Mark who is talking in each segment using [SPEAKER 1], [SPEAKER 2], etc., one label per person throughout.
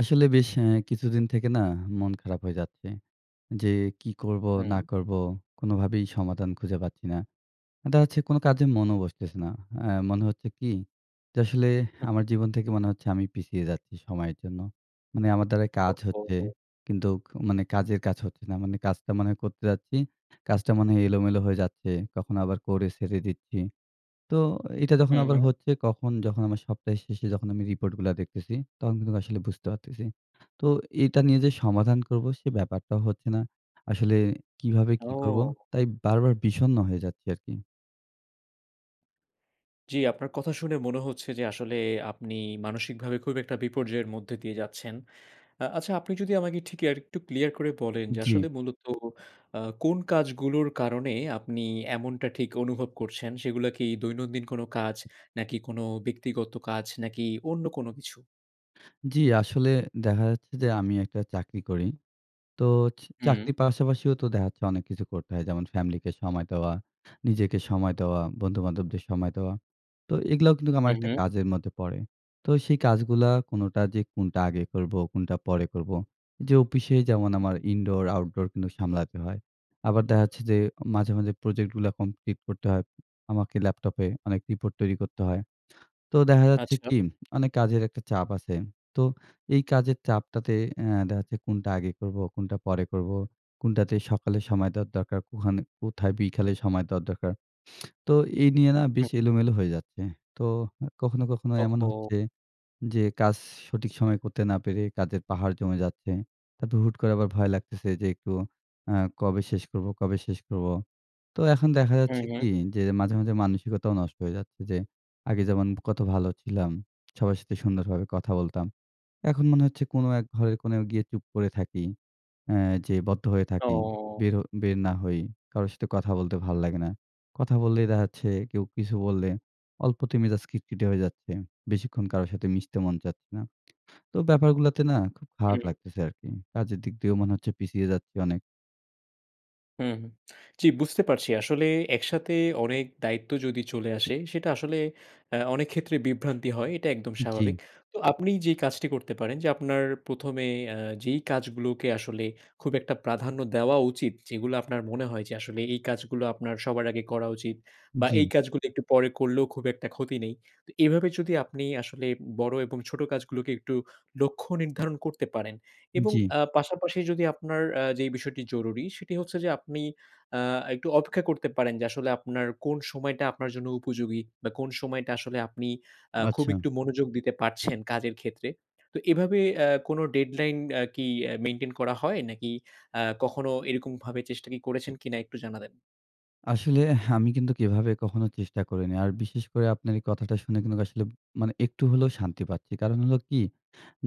[SPEAKER 1] আসলে বেশ এ কিছুদিন থেকে না মন খারাপ হয়ে যাচ্ছে। যে কি করব
[SPEAKER 2] হুম।
[SPEAKER 1] না করব কোনভাবেই সমাধান খুঁজে পাচ্ছি না। এটা হচ্ছে কোন কাজে মনও বসতেছে না। আ মনে হচ্ছে কি যে আসলে
[SPEAKER 2] হু।
[SPEAKER 1] আমার জীবন থেকে মনে হচ্ছে আমি পিছিয়ে যাচ্ছি সময়ের জন্য। মানে আমার দ্বারা কাজ
[SPEAKER 2] ওহ,
[SPEAKER 1] হচ্ছে
[SPEAKER 2] হো!
[SPEAKER 1] কিন্তু মানে কাজের কাজ হচ্ছে না। মানে কাজটা মানে করতে যাচ্ছি। কাজটা মনে হয় এলোমেলো হয়ে যাচ্ছে। কখনো আবার করে ছেড়ে দিচ্ছি। তো এটা যখন
[SPEAKER 2] হু,
[SPEAKER 1] আবার
[SPEAKER 2] হুম।
[SPEAKER 1] হচ্ছে কখন যখন আমার সপ্তাহের শেষে যখন আমি report গুলা দেখতেছি, তখন কিন্তু আসলে বুঝতে পারতেছি। তো এটা নিয়ে যে সমাধান করব সে ব্যাপারটাও হচ্ছে না। আসলে কিভাবে কি করব,
[SPEAKER 2] ও!
[SPEAKER 1] তাই বারবার বিষন্ন হয়ে যাচ্ছি আরকি।
[SPEAKER 2] জি, আপনার কথা শুনে মনে হচ্ছে যে আসলে আপনি মানসিকভাবে খুব একটা বিপর্যয়ের মধ্যে দিয়ে যাচ্ছেন। আ আচ্ছা আপনি যদি আমাকে ঠিক আর একটু ক্লিয়ার করে বলেন যে আসলে
[SPEAKER 1] জি।
[SPEAKER 2] মূলত আ কোন কাজগুলোর কারণে আপনি এমনটা ঠিক অনুভব করছেন, সেগুলো কি দৈনন্দিন কোন কাজ? নাকি কোন ব্যক্তিগত কাজ, নাকি অন্য কোন কিছু?
[SPEAKER 1] জি, আসলে দেখা যাচ্ছে যে আমি একটা চাকরি করি। তো চ
[SPEAKER 2] হুম।
[SPEAKER 1] চাকরির পাশাপাশিও তো দেখা যাচ্ছে অনেক কিছু করতে হয়। যেমন ফ্যামিলিকে সময় দেওয়া, নিজেকে সময় দেওয়া, বন্ধুবান্ধবদের সময় দেওয়া। তো এগুলাও কিন্তু আমার
[SPEAKER 2] হু,
[SPEAKER 1] একটা
[SPEAKER 2] হু।
[SPEAKER 1] কাজের মধ্যে পড়ে। তো সেই কাজগুলা কোনোটা যে কোনটা আগে করব, কোনটা পরে করব। যে অফিসে যেমন আমার indoor outdoor কিন্তু সামলাতে হয়। আবার দেখা যাচ্ছে যে মাঝে, মাঝে, project গুলা কমপ্লিট করতে হয়। আমাকে laptop এ অনেক রিপোর্ট তৈরি করতে হয়। তো দেখা যাচ্ছে
[SPEAKER 2] আচ্ছা।
[SPEAKER 1] কি অনেক কাজের একটা চাপ আছে। তো এই কাজের চাপটাতে আ দেখা যাচ্ছে কোনটা আগে করব, কোনটা পরে করব, কোনটাতে সকালে সময় দেওয়া দরকার, কোহানে কোথায় বিকালে সময় দেওয়া দরকার। তো এই নিয়ে না
[SPEAKER 2] হু।
[SPEAKER 1] বেশ এলোমেলো হয়ে যাচ্ছে। তো এ কখনো, কখনো,
[SPEAKER 2] ওহ,
[SPEAKER 1] এমন
[SPEAKER 2] হো।
[SPEAKER 1] হচ্ছে যে কাজ সঠিক সময়ে করতে না পেরে কাজের পাহাড় জমে যাচ্ছে। তারপর হুট করে আবার ভয় লাগতেছে, "যে একটু আ কবে শেষ করবো কবে শেষ করবো?" তো এখন দেখা
[SPEAKER 2] হু,
[SPEAKER 1] যাচ্ছে
[SPEAKER 2] হু।
[SPEAKER 1] কি যে মাঝে, মাঝে, মানসিকতাও নষ্ট হয়ে যাচ্ছে। যে আগে যেমন কত ভালো ছিলাম, সবার সাথে সুন্দরভাবে কথা বলতাম। এখন মনে হচ্ছে কোন এক ঘরের কোণোয় গিয়ে চুপ করে থাকি। অ্যা যে বদ্ধ হয়ে থাকি,
[SPEAKER 2] ও
[SPEAKER 1] বেরও বের না হই। কারো সাথে কথা বলতে ভাল লাগে না। কথা বললেই দেখাচ্ছে, কেউ কিছু বললে অল্পতে মেজাজ খিটখিটে হয়ে যাচ্ছে। বেশিক্ষণ কারো সাথে মিশতে মন চাচ্ছে না। তো ব্যাপারগুলাতে না খুব খারাপ
[SPEAKER 2] হুম।
[SPEAKER 1] লাগতেছে আরকি। কাজের দিক দিয়েও মনে হচ্ছে পিছিয়ে যাচ্ছি অনেক।
[SPEAKER 2] হু, হু। জ্বি, বুঝতে পারছি। আসলে একসাথে অনেক দায়িত্ব যদি চলে আসে, সেটা আসলে এ্যাঁ অনেক ক্ষেত্রে বিভ্রান্তি হয়। এটা একদম স্বাভাবিক।
[SPEAKER 1] জ্বি।
[SPEAKER 2] তো আপনি যেই কাজটি করতে পারেন যে আপনার ১ম এ এ্যাঁ যেই কাজগুলোকে আসলে খুব একটা প্রাধান্য দেওয়া উচিত। যেগুলো আপনার মনে হয় যে আসলে এই কাজগুলো আপনার সবার আগে করা উচিত বা এই
[SPEAKER 1] জ্বি।
[SPEAKER 2] কাজগুলো একটু পরে করলেও খুব একটা ক্ষতি নেই। তো এভাবে যদি আপনি আসলে বড় এবং ছোট কাজ গুলোকে একটু লক্ষ্য নির্ধারণ করতে পারেন। এবং
[SPEAKER 1] জ্বি।
[SPEAKER 2] এ্যাঁ পাশাপাশি যদি আপনার এ্যাঁ যে বিষয়টি জরুরি সেটি হচ্ছে যে আপনি এ্যাঁ একটু অপেক্ষা করতে পারেন যে আসলে আপনার কোন সময়টা আপনার জন্য উপযোগী বা কোন সময়টা আসলে আপনি এ্যাঁ খুব
[SPEAKER 1] আচ্ছা।
[SPEAKER 2] একটু মনোযোগ দিতে পারছেন কাজের ক্ষেত্রে। তো এভাবে এ্যাঁ কোন ডেডলাইন এ্যাঁ কি এ মেইনটেইন করা হয়? নাকি এ্যাঁ কখনো এরকম ভাবে চেষ্টা করেছেন কিনা একটু জানাবেন?
[SPEAKER 1] আসলেহ আমি কিন্তু কিভাবে কখনো চেষ্টা করিনি। আর বিশেষ করে আপনার এই কথাটা শুনে কিন্তু আসলে মানে একটু হলেও শান্তি পাচ্ছি। কারণ হলো কি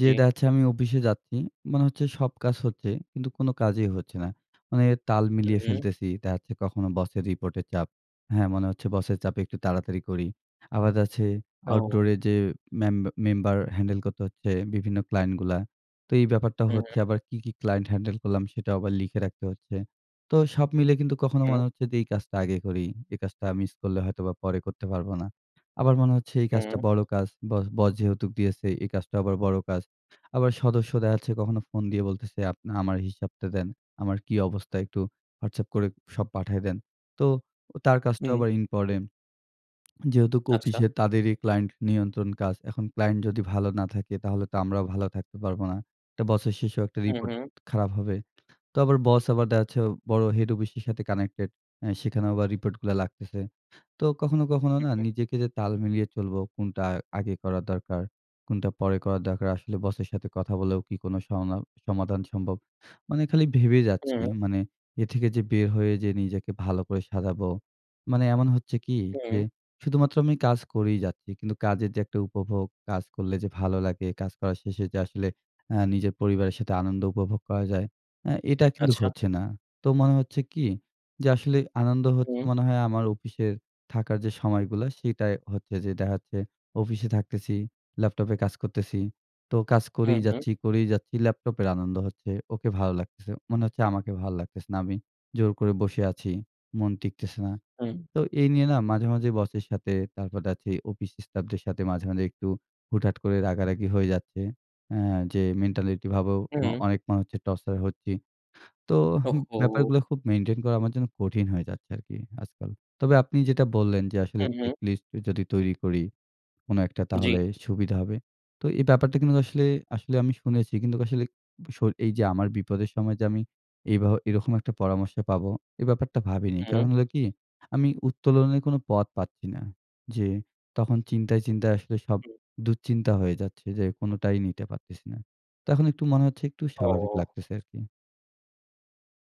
[SPEAKER 1] যে
[SPEAKER 2] জ্বি।
[SPEAKER 1] দেখা যাচ্ছে আমি অফিসে যাচ্ছি। মনে হচ্ছে সব কাজ হচ্ছে, কিন্তু কোন কাজই হচ্ছে না। মানে তাল
[SPEAKER 2] হু,
[SPEAKER 1] মিলিয়ে
[SPEAKER 2] হুম।
[SPEAKER 1] ফেলতেছি। দেখা যাচ্ছে কখনো বসের রিপোর্ট এর চাপ। হ্যাঁ? মনে হচ্ছে বসের চাপে একটু তাড়াতাড়ি করি। আবার দেখা যাচ্ছে আউটডোর এ
[SPEAKER 2] ও।
[SPEAKER 1] যে মেম মেম্বার হ্যান্ডেল করতে হচ্ছে বিভিন্ন ক্লায়েন্টগুলা। তো এই ব্যাপারটা
[SPEAKER 2] হু,
[SPEAKER 1] হচ্ছে
[SPEAKER 2] হু।
[SPEAKER 1] আবার কি, কি ক্লায়েন্ট হ্যান্ডেল করলাম সেটাও আবার লিখে রাখতে হচ্ছে। তো সব মিলে কিন্তু কখনো
[SPEAKER 2] হু।
[SPEAKER 1] মনে হচ্ছে যে এই কাজটা আগে করি। এই কাজটা মিস করলে হয়তোবা পরে করতে পারব না। আবার মনে হচ্ছে এই কাজটা
[SPEAKER 2] হুম।
[SPEAKER 1] বড় কাজ বস বস যেহেতুক দিয়েছে, এই কাজটা আবার বড় কাজ। আবার সদস্য দেখা যাচ্ছে কখনো ফোন দিয়ে বলতেছে, "আপ আমার হিসাবটা দেন। আমার কি অবস্থা একটু WhatsApp করে সব পাঠায় দেন।" তো তার কাজটাও
[SPEAKER 2] হুম।
[SPEAKER 1] আবার ইম্পোর্টেন্ট। যেহেতু
[SPEAKER 2] আচ্ছা।
[SPEAKER 1] অফিসে তাদেরই ক্লায়েন্ট নিয়ন্ত্রণ কাজ। এখন ক্লায়েন্ট যদি ভালো না থাকে, তাহলে তো আমরাও ভালো থাকতে পারব না। তো বছর শেষেও একটা
[SPEAKER 2] হু,
[SPEAKER 1] রিপোর্ট
[SPEAKER 2] হু।
[SPEAKER 1] খারাপ হবে। তো আবার বস আবার দেখা যাচ্ছে বড় হেড অফিস এর সাথে কানেক্টেড। এ্যাঁ সেখানেও আবার রিপোর্টগুলা লাগতেছে। তো কখনো, কখনো না নিজেকে যে তাল মিলিয়ে চলবো কোনটা আ আগে করা দরকার, কোনটা পরে করা দরকার। আসলে বসের সাথে কথা বলেও কি কোন সংলা সমাধান সম্ভব। মানে খালি ভেবে যাচ্ছি।
[SPEAKER 2] হু।
[SPEAKER 1] মানে এ থেকে যে বের হয়ে যে নিজেকে ভালো করে সাজাবো। মানে এমন হচ্ছে কি যে
[SPEAKER 2] হু।
[SPEAKER 1] শুধুমাত্র আমি কাজ করেই যাচ্ছি। কিন্তু কাজের যে একটা উপভোগ, কাজ করলে যে ভালো লাগে, কাজ করার শেষে যে আসলে এ্যাঁ নিজের পরিবারের সাথে আনন্দ উপভোগ করা যায়। এ্যাঁ এটা কিন্তু
[SPEAKER 2] আচ্ছা।
[SPEAKER 1] হচ্ছে না। তো মনে হচ্ছে কি যে আসলে আনন্দ হচ্ছে
[SPEAKER 2] হুম।
[SPEAKER 1] মনে হয় আমার অফিসে থাকার যে সময়গুলা সেটাই হচ্ছে যে দেখা যাচ্ছে অফিসে থাকতেছি, ল্যাপটপে কাজ করতেছি। তো কাজ
[SPEAKER 2] হু,
[SPEAKER 1] করেই
[SPEAKER 2] হু।
[SPEAKER 1] যাচ্ছি, করেই যাচ্ছি। ল্যাপটপের আনন্দ হচ্ছে। ওকে ভালো লাগতেছে। মনে হচ্ছে আমাকে ভালো লাগতেছে না। আমি জোর করে বসে আছি। মন টিকতেছে না।
[SPEAKER 2] হুম।
[SPEAKER 1] তো এই নিয়ে না মাঝে, মাঝে বসের সাথে তারপর দেখা যাচ্ছে অফিস স্টাফদের সাথে মাঝে, মাঝে একটু হুটহাট করে রাগারাগি হয়ে যাচ্ছে। এ্যাঁ যে মেন্টালিটি ভাবও অ
[SPEAKER 2] হুম।
[SPEAKER 1] অনেক মানুষ হচ্ছে টর্চার হচ্ছি। তোহ
[SPEAKER 2] ওহো!
[SPEAKER 1] ব্যাপারগুলো খুব মেইনটেইন করা আমার জন্য কঠিন হয়ে যাচ্ছে আরকি আজকাল। তবে আপনি যেটা বললেন যে আসলে
[SPEAKER 2] হু, হু।
[SPEAKER 1] চেকলিস্ট যদি তৈরি করি, কোন একটা
[SPEAKER 2] জ্বি।
[SPEAKER 1] তাহলে সুবিধা হবে। তো এই ব্যাপারটা কিন্তু আসলে আসলে আমি শুনেছি। কিন্তু আসলে সই এই যে আমার বিপদের সময় যে আমি এইভাব এরকম একটা পরামর্শ পাবো এই ব্যাপারটা ভাবিনি। কারণ
[SPEAKER 2] হুম।
[SPEAKER 1] হলো কি আমি উত্তোলনের কোন পথ পাচ্ছি না। যে তখন চিন্তায়, চিন্তায় আসলে সব
[SPEAKER 2] হু।
[SPEAKER 1] দুঃচিন্তা হয়ে যাচ্ছে যে কোনটাই নিতে পারতেছি না। তখন একটু মনে হচ্ছে একটু স্বাভাবিক
[SPEAKER 2] ও!
[SPEAKER 1] লাগতেছে আরকি।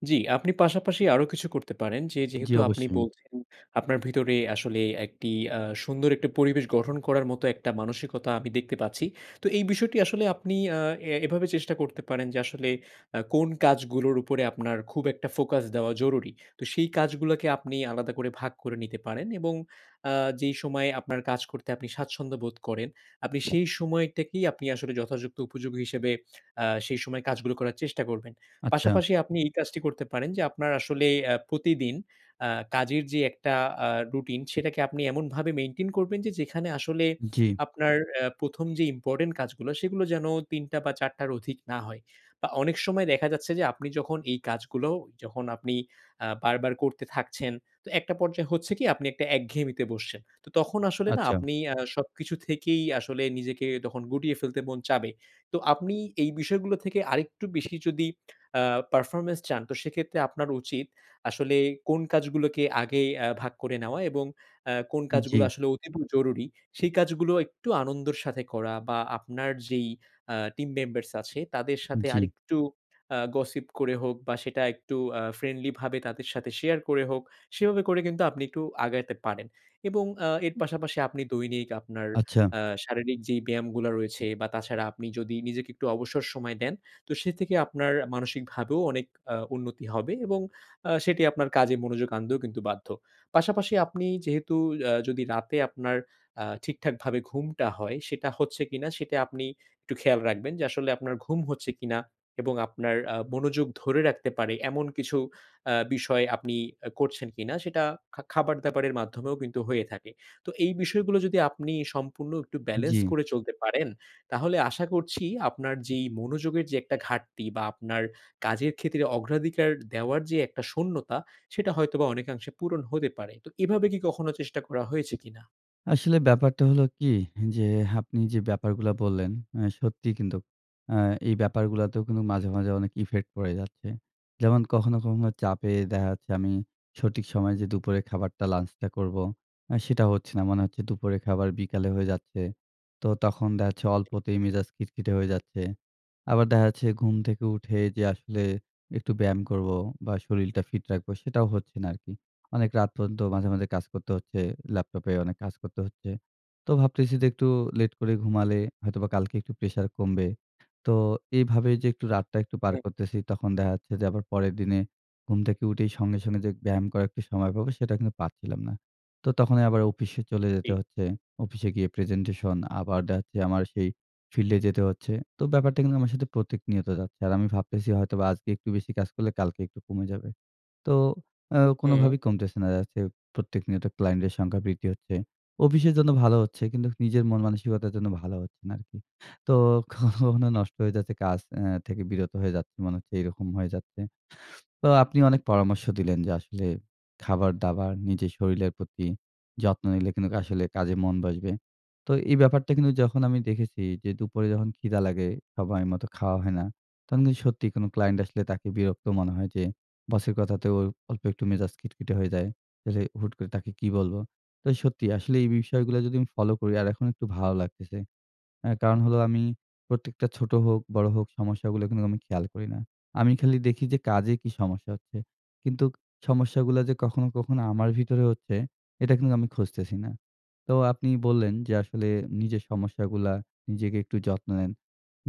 [SPEAKER 2] জি আপনি পাশাপাশি আরো কিছু করতে পারেন যে,
[SPEAKER 1] জি
[SPEAKER 2] যেহেতু আপনি
[SPEAKER 1] অবশ্যই।
[SPEAKER 2] বলছেন আপনার ভিতরে আসলে একটি আ সুন্দর একটা পরিবেশ গঠন করার মতো একটা মানসিকতা আমি দেখতে পাচ্ছি। তো এই বিষয়টি আসলে আপনি আ এ এভাবে চেষ্টা করতে পারেন যে আসলে আ কোন কাজগুলোর উপরে আপনার খুব একটা ফোকাস দেওয়া জরুরি। তো সেই কাজগুলোকে আপনি আলাদা করে ভাগ করে নিতে পারেন এবং অ্যা যেই সময়ে আপনার কাজ করতে আপনি স্বাচ্ছন্দ্য বোধ করেন, আপনি সেই সময়টাকেই আপনি আসলে যথাযুক্ত উপযোগী হিসেবে অ্যা সেই সময় কাজগুলো করার চেষ্টা করবেন।
[SPEAKER 1] আচ্ছা।
[SPEAKER 2] পাশাপাশি আপনি এই কাজটি করতে পারেন যে আপনার আসলে অ্যা প্রতিদিন আ কাজের যে একটা আ রুটিন, সেটাকে আপনি এমনভাবে maintain করবেন যে যেখানে আসলে
[SPEAKER 1] জি।
[SPEAKER 2] আপনার আ ১ম যে important কাজগুলা, সেগুলো যেন ৩ টা বা ৪ টার অধিক না হয়। বা অনেক সময় দেখা যাচ্ছে যে আপনি যখন এই কাজগুলো যখন আপনি আ বারবার করতে থাকছেন, তো একটা পর্যায় হচ্ছে কি আপনি একটা একঘেয়েমিতে বসছেন। তখন আসলে না
[SPEAKER 1] আচ্ছা।
[SPEAKER 2] আপনি আ সবকিছু থেকেই আসলে নিজেকে তখন গুটিয়ে ফেলতে মন চাবে। তো আপনি এই বিষয়গুলো থেকে আরেকটু বেশি যদি আ performance চান তো সেক্ষেত্রে আপনার উচিত আসলে কোন কাজগুলোকে আগে আ ভাগ করে নেওয়া এবং অ্যা কোন
[SPEAKER 1] উম
[SPEAKER 2] কাজগুলো
[SPEAKER 1] জি।
[SPEAKER 2] আসলে অতিব জরুরি, সেই কাজগুলো একটু আনন্দর সাথে করা বা আপনার যেই অ্যা team members আছে, তাদের
[SPEAKER 1] উম
[SPEAKER 2] সাথে
[SPEAKER 1] জি।
[SPEAKER 2] আরেকটু আ gossip করে হোক বা সেটা একটু অ্যা friendly ভাবে তাদের সাথে শেয়ার করে হোক, সেভাবে করে কিন্তু আপনি একটু আগাইতে পারেন এবং অ্যা এর
[SPEAKER 1] হুম।
[SPEAKER 2] পাশাপাশি আপনি দৈনিক আপনার
[SPEAKER 1] আচ্ছা।
[SPEAKER 2] অ্যা শারীরিক যেই ব্যায়ামগুলা রয়েছে, বা তাছাড়া আপনি যদি নিজেকে একটু অবসর সময় দেন, তো সে থেকে আপনার মানসিকভাবেও অনেক অ্যা উন্নতি হবে এবং আ সেটি আপনার কাজে মনোযোগ আনতেও কিন্তু বাধ্য। পাশাপাশি আপনি যেহেতু অ্যা যদি রাতে আপনার অ্যা ঠিকঠাকভাবে ঘুমটা হয়, সেটা হচ্ছে কিনা সেটা আপনি একটু খেয়াল রাখবেন। যে আসলে আপনার ঘুম হচ্ছে কিনা এবং আপনার আ মনোযোগ ধরে রাখতে পারে এমন কিছু অ্যা বিষয় আপনি অ্যা করছেন কিনা, সেটা খা খাবার-দাবারের মাধ্যমেও কিন্তু হয়ে থাকে। তো এই বিষয়গুলো যদি আপনি সম্পূর্ণ একটু balance
[SPEAKER 1] জি।
[SPEAKER 2] করে চলতে পারেন, তাহলে আশা করছি আপনার যেই মনোযোগের যেই একটা ঘাটতি বা আপনার কাজের ক্ষেত্রে অগ্রাধিকার দেওয়ার যে একটা শূন্যতা, সেটা হয়তোবা অনেকাংশে পূরণ হতে পারে। তো এভাবে কি কখনো চেষ্টা করা হয়েছে কিনা?
[SPEAKER 1] আসলে ব্যাপারটা হলো কি, হ্যা যে আপনি যে ব্যাপারগুলা বললেন, অ্যা সত্যিই কিন্তু অ্যা এই ব্যাপারগুলাতেও কিন্তু মাঝে, মাঝে অনেক effect পড়ে যাচ্ছে। যেমন কখনো, কখনো চাপে দেখা যাচ্ছে আমি সঠিক সময়ে যে দুপুরে খাবারটা, lunch টা করবো, অ্যা সেটা হচ্ছে না। মনে হচ্ছে দুপুরে খাবার বিকালে হয়ে যাচ্ছে। তো তখন দেখা-যাচ্ছে অল্পতেই মেজাজ খিটখিটে হয়ে যাচ্ছে। আবার দেখা যাচ্ছে ঘুম থেকে উঠে যে আসলে একটু ব্যায়াম করবো বা শরীরটা fit রাখবো, সেটাও হচ্ছে না আরকি। অনেক রাত পর্যন্ত মাঝে, মাঝে কাজ করতে হচ্ছে, ল্যাপটপে অনেক কাজ করতে হচ্ছে। তো ভাবতেছি যে একটু লেট করে ঘুমালে হয়তোবা কালকে একটু pressure কমবে। তো এইভাবে যে একটু রাতটা একটু পার
[SPEAKER 2] হুম।
[SPEAKER 1] করতেছি তখন দেখা যাচ্ছে যে আবার পরের দিনে ঘুম থেকে উঠেই সঙ্গে, সঙ্গে যেগ ব্যায়াম করার একটু সময় পাবো, সেটা কিন্তু পাচ্ছিলাম না। তো তখনই আবার অফিসে চলে যেতে
[SPEAKER 2] জি।
[SPEAKER 1] হচ্ছে। অফিসে গিয়ে presentation আবার দেখা যাচ্ছে আমার সেই field এ যেতে হচ্ছে। তো ব্যাপারটা কিন্তু আমার সাথে প্রত্যেক নিয়ত যাচ্ছে। আর আমি ভাবতেছি হয়তো আজকে একটু বেশি কাজ করলে কালকে একটু কমে যাবে। তো অ্যা
[SPEAKER 2] হুম।
[SPEAKER 1] কোনোভাবেই কমতেছে না। দেখা-যাচ্ছে প্রত্যেক নিয়ত client এর সংখ্যা বৃদ্ধি হচ্ছে। অফিসের জন্য ভালো হচ্ছে। কিন্তু নিজের মন মানসিকতার জন্য ভালো হচ্ছে না আরকি। তো কখনো কখনো নষ্ট হয়ে যাচ্ছে কাজ অ্যা থেকে বিরত হয়ে যাচ্ছি, মনে হচ্ছে এইরকম হয়ে যাচ্ছে। তো আপনি অনেক পরামর্শ দিলেন যে আসলে, খাবার-দাবার, নিজের শরীরের প্রতি যত্ন নিলে কিন্তু আসলে কাজে মন বসবে। তো এই ব্যাপারটা কিন্তু যখন আমি দেখেছি যে দুপুরে যখন ক্ষিদা লাগে, সময় মত খাওয়া হয় না, তখন কিন্তু সত্যি কোনো client আসলে তাকে বিরক্ত মনে হয় যে, boss এর কথাতেও অল্পে একটু মেজাজ খিটখিটে হয়ে যায়। রে হুট করে তাকে কি বলব? তো সত্যি, আসলে এই বিষয়গুলো যদি আমি ফলো করি আর এখন একটু ভালো লাগতেছে। অ্যা কারণ হলো আমি, প্রত্যেকটা ছোট হোক, বড় হোক সমস্যাগুলো কিন্তু আমি খেয়াল করি না। আমি খালি দেখি যে কাজে কি সমস্যা হচ্ছে। কিন্তু সমস্যাগুলা যে কখনো, কখনো আমার ভিতরে হচ্ছে, এটা কিন্তু আমি খুঁজতেছি না। তো আপনি বললেন যে আসলে নিজের সমস্যাগুলা, নিজেকে একটু যত্ন নেন।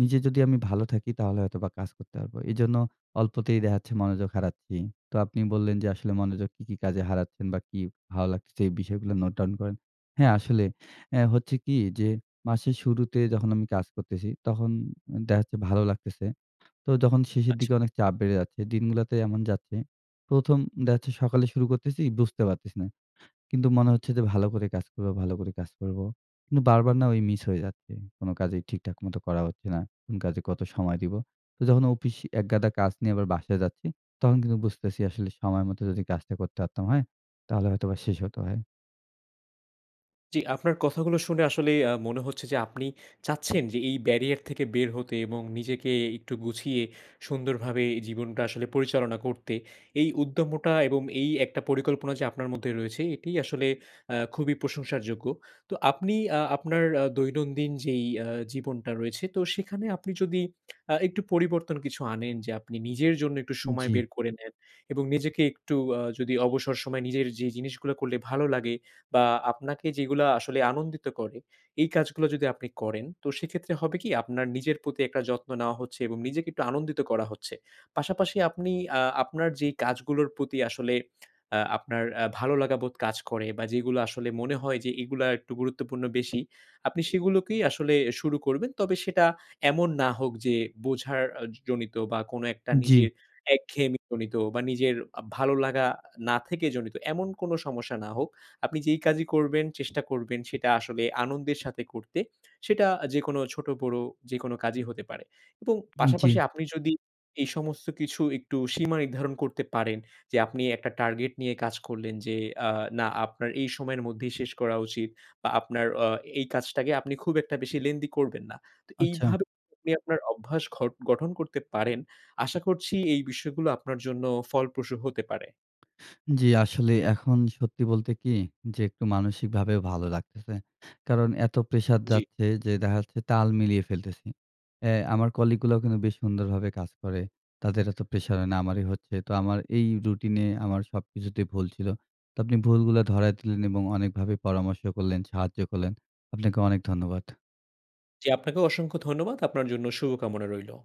[SPEAKER 1] নিজে যদি আমি ভালো থাকি তাহলে হয়তোবা কাজ করতে পারব। এজন্য অল্পতেই দেখা যাচ্ছে, মনোযোগ হারাচ্ছি। তো আপনি বললেন যে আসলে মনোযোগ কি, কি কাজে হারাচ্ছেন বা কি ভালো লাগতেছে এই বিষয়গুলো note down করেন। হ্যাঁ আসলে আ হচ্ছে কি যে, মাসের শুরুতে যখন আমি কাজ করতেছি, তখন দেখা যাচ্ছে ভালো লাগতেছে। তো যখন শেষের
[SPEAKER 2] আচ্ছা।
[SPEAKER 1] দিকে অনেক চাপ বেড়ে যাচ্ছে। দিনগুলাতে এমন যাচ্ছে, ১ম দেখা-যাচ্ছে সকালে শুরু করতেছি, বুঝতে পারতেছি না। কিন্তু মনে হচ্ছে যে ভালো করে কাজ করবো, ভালো করে কাজ করবো। কিন্তু বারবার না ওই মিস হয়ে যাচ্ছে। কোনো কাজেই ঠিকঠাক মতো করা হচ্ছে না। কোন কাজে কত সময় দিবো। তো যখন অফিস একগাদা কাজ নিয়ে আবার বাসায় যাচ্ছি, তখন কিন্তু বুঝতেছি আসলে সময় মতো যদি কাজটা করতে পারতাম, হ্যাঁ? তাহলে হয়তোবা শেষ হতে হয়।
[SPEAKER 2] জি, আপনার কথাগুলো শুনে আসলেই আ মনে হচ্ছে যে, আপনি চাচ্ছেন যে এই barrier থেকে বের হতে। এবং নিজেকে একটু গুছিয়ে সুন্দরভাবে জীবনটা আসলে পরিচালনা করতে। এই উদ্যমটা এবং এই একটা পরিকল্পনা যে আপনার মধ্যে রয়েছে এটিই আসলে আ খুবই প্রশংসার যোগ্য। তো আপনি আ আপনার আ দৈনন্দিন যেই আ জীবনটা রয়েছে। তো, সেখানে আপনি যদি আ একটু পরিবর্তন কিছু আনেন। যে আপনি নিজের জন্য একটু
[SPEAKER 1] উম
[SPEAKER 2] সময়
[SPEAKER 1] জি।
[SPEAKER 2] বের করে নেন এবং নিজেকে একটু আ যদি অবসর সময় নিজের যে জিনিসগুলো করলে ভালো লাগে। বা আপনাকে যেগুলা আসলে আনন্দিত করে। এই কাজগুলো যদি আপনি করেন। তো সেক্ষেত্রে হবে কি? আপনার নিজের প্রতি একটা যত্ন নেওয়া হচ্ছে এবং নিজেকে একটু আনন্দিত করা হচ্ছে। পাশাপাশি আপনি আ আপনার যে কাজগুলোর প্রতি আসলে আ আপনার আ ভালোলাগা বোধ কাজ করে বা যেগুলো আসলে মনে হয় যে এগুলা একটু গুরুত্বপূর্ণ বেশি। আপনি সেগুলোকেই আসলে শুরু করবেন। তবে সেটা এমন না হোক যে, বোঝার আ জনিত বা কোনো একটা
[SPEAKER 1] উম জি।
[SPEAKER 2] নিজের একঘেয়েমি জনিত বা নিজের আ ভালোলাগা না থেকে জনিত, এমন কোনো সমস্যা না হোক। আপনি যেই কাজই করবেন, চেষ্টা করবেন সেটা আসলে আনন্দের সাথে করতে। সেটা যেকোনো ছোট-বড় যেকোনো কাজই হতে পারে। এবং
[SPEAKER 1] উম জি।
[SPEAKER 2] পাশাপাশি আপনি যদি এই সমস্ত কিছু একটু সীমা নির্ধারণ করতে পারেন। যে আপনি একটা টার্গেট নিয়ে কাজ করলেন। যে আ না, আপনার এই সময়ের মধ্যেই শেষ করা উচিত। বা আপনার আ এই কাজটাকে আপনি খুব একটা বেশি lengthy করবেন না। তো
[SPEAKER 1] আচ্ছা।
[SPEAKER 2] এইভাবে [unintelligible] আপনার অভ্যাস ঘট গঠন করতে পারেন। আশা করছি, এই বিষয়গুলো আপনার জন্য ফলপ্রসূ হতে পারে।
[SPEAKER 1] জি, আসলে এখন সত্যি বলতে কি? যে, একটু মানসিকভাবেও ভালো লাগতেছে। কারণ এতো প্রেশার
[SPEAKER 2] জি।
[SPEAKER 1] যাচ্ছে যে, দেখা যাচ্ছে তাল মিলিয়ে ফেলতেছি। এ আমার কলিগগুলাও কিন্তু বেশ সুন্দরভাবে কাজ করে। তাদের এতো প্রেশার হয় না, আমারই হচ্ছে। তো আমার এই রুটিনে আমার সবকিছুতেই ভুল ছিল। তো আপনি ভুলগুলো ধরায় দিলেন এবং অনেকভাবে পরামর্শ করলেন, সাহায্য করলেন। আপনাকে অনেক ধন্যবাদ।
[SPEAKER 2] জি, আপনাকেও অসংখ্য ধন্যবাদ। আপনার জন্য শুভ কামনা রইলো।